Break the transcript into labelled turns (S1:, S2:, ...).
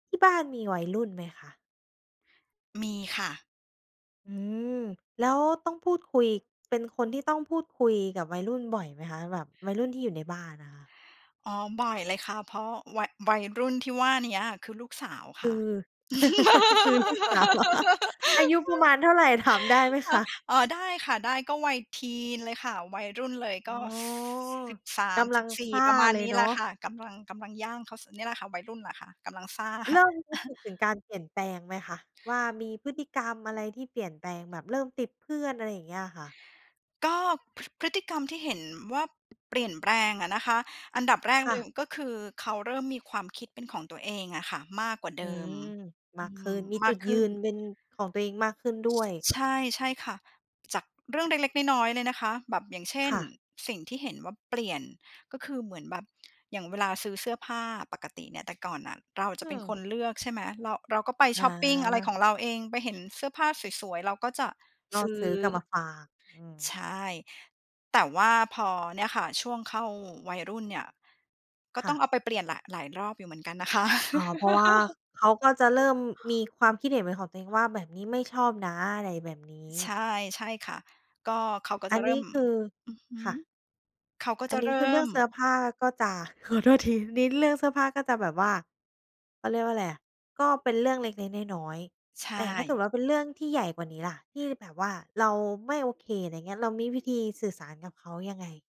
S1: ที่บ้านมีวัยรุ่นไหมคะ?
S2: มีค่ะ
S1: อืม แล้วต้องพูดคุย เป็นคนที่ต้องพูดคุยกับวัยรุ่นบ่อยไหมคะ แบบวัยรุ่นที่อยู่ในบ้านน่ะค่ะ?
S2: อ๋อ บ่อยเลยค่ะ เพราะวัย วัยรุ่นที่ว่าเนี้ยคือลูกสาวค
S1: คื
S2: ่ะ
S1: อ คือลูก สาวเหรอ? อายุประมาณเท่าไร ถามได้ไหม
S2: ค่
S1: ค
S2: ะ
S1: ะ?
S2: อ๋อ ได้ค่ะ ได้ ก็วัยทีนเลยค่ะ วัยรุ่นเลย
S1: อ๋
S2: ก
S1: อ
S2: ็ ส สิบสา
S1: ก
S2: ม
S1: ำล
S2: ส
S1: ั
S2: ิ
S1: ง
S2: บสี
S1: ซ
S2: ่
S1: ่า
S2: ประมาณ
S1: เล
S2: น
S1: ย
S2: ี้
S1: เน
S2: แ
S1: า
S2: หละ
S1: ะ
S2: ค่ะ กำลัง กำลังย่างเข้า ส เนี่ยแหละค่ะ วัยรุ่นแหละค่ะ กำลังซ่า
S1: เริ่มรู้สึกถึงการเปลี่ยนแปลงไหมคะว่ามีพฤติกรรมอะไรที่เปลี่ยนแปลง แบบเริ่มติดเพื่อน อะไรอย่างเงี้ยอะค่ะ?
S2: ก็ พ พฤติกรรมที่เห็นว่าเปลี่ยนแปลงอะนะคะ อันดับแรก
S1: ค
S2: เ
S1: ่
S2: ลย
S1: ะ
S2: ก็คือเขาเริ่มมีความคิดเป็นของตัวเองอะค่ะมากกว่า
S1: อ
S2: เ
S1: ื
S2: ดิม
S1: ม ม
S2: อื
S1: ากขึ้
S2: ม
S1: น มี
S2: ม
S1: จ
S2: า
S1: ุ
S2: ก
S1: ด
S2: ข
S1: ย
S2: ึ้
S1: ื
S2: น
S1: น
S2: อือ
S1: เป็นของตัวเองมากขึ้นด้
S2: ช
S1: วย
S2: ใช่ ใช่ค่ะ จาก เรื่องเล็ก ๆ น้อย ๆ เลยนะคะแบบ อย่างเช่
S1: ค
S2: น
S1: ่ะ
S2: สิ่งที่เห็นว่าเปลี่ยน ก็คือเหมือนแบบ อย่างเวลาซื้อเสื้อผ้าปกติเนี่ย แต่ก่อนน่ะเราอาจ
S1: อ
S2: จ
S1: ื
S2: ะเป็น
S1: ม
S2: คนเลือก ใช่ไหม เรา เราก็ไป
S1: อ
S2: ชอปปิง อะไรข
S1: า
S2: องเราเอง ไปเห็นเสื้อผ้าสวย ๆ เราก็จะ
S1: ก
S2: ซ
S1: ็
S2: ื้อ
S1: ซื้อกลับมาฝาก อื
S2: ใ
S1: ม
S2: ช่ แต่ว่าพอเนี่ยค่ะ ช่วงเข้าวัยรุ่นเนี่ย ก็
S1: ค
S2: ต
S1: ่
S2: ้องเ
S1: ะ
S2: อาไปเปลี่ยนแหละ หลายรอบอยู่เหมือนกันนะคะ
S1: อ๋อ เพราะว่าเขาก็จะเริ่มมีความคิดเห็นเป็นของตัวเองว่า "แบบนี้ไม่ชอบนะ" อะไรแบบนี
S2: ใช
S1: ้
S2: ่ ใช่ค่ะ ก็เขาก็
S1: อ
S2: จ
S1: ั
S2: ะ
S1: น
S2: เริ
S1: น
S2: ่
S1: ี้
S2: ม
S1: คือ
S2: อือฮึ
S1: ค่ะ
S2: เขาก็
S1: อั
S2: จะ
S1: นน
S2: เ
S1: ี
S2: ร
S1: ้
S2: ิ่
S1: คือเรื่อ
S2: ม
S1: งเสื้อผ้าก็จะ ขอโทษที นี้เรื่องเสื้อผ้าก็จะแบบว่า เขาเรียกว่าอะไรอะ ก็เป็นเรื่องเล็ก ๆ น้อย
S2: ใช
S1: ๆ แต่ถ้าเกิด
S2: ่
S1: ว่าเป็นเรื่องที่ใหญ่กว่านี้ล่ะ ที่แบบว่าเราไม่โอเค อะไรอย่างเงี้ย เรามีวิธีสื่อสารกับเขายังไง?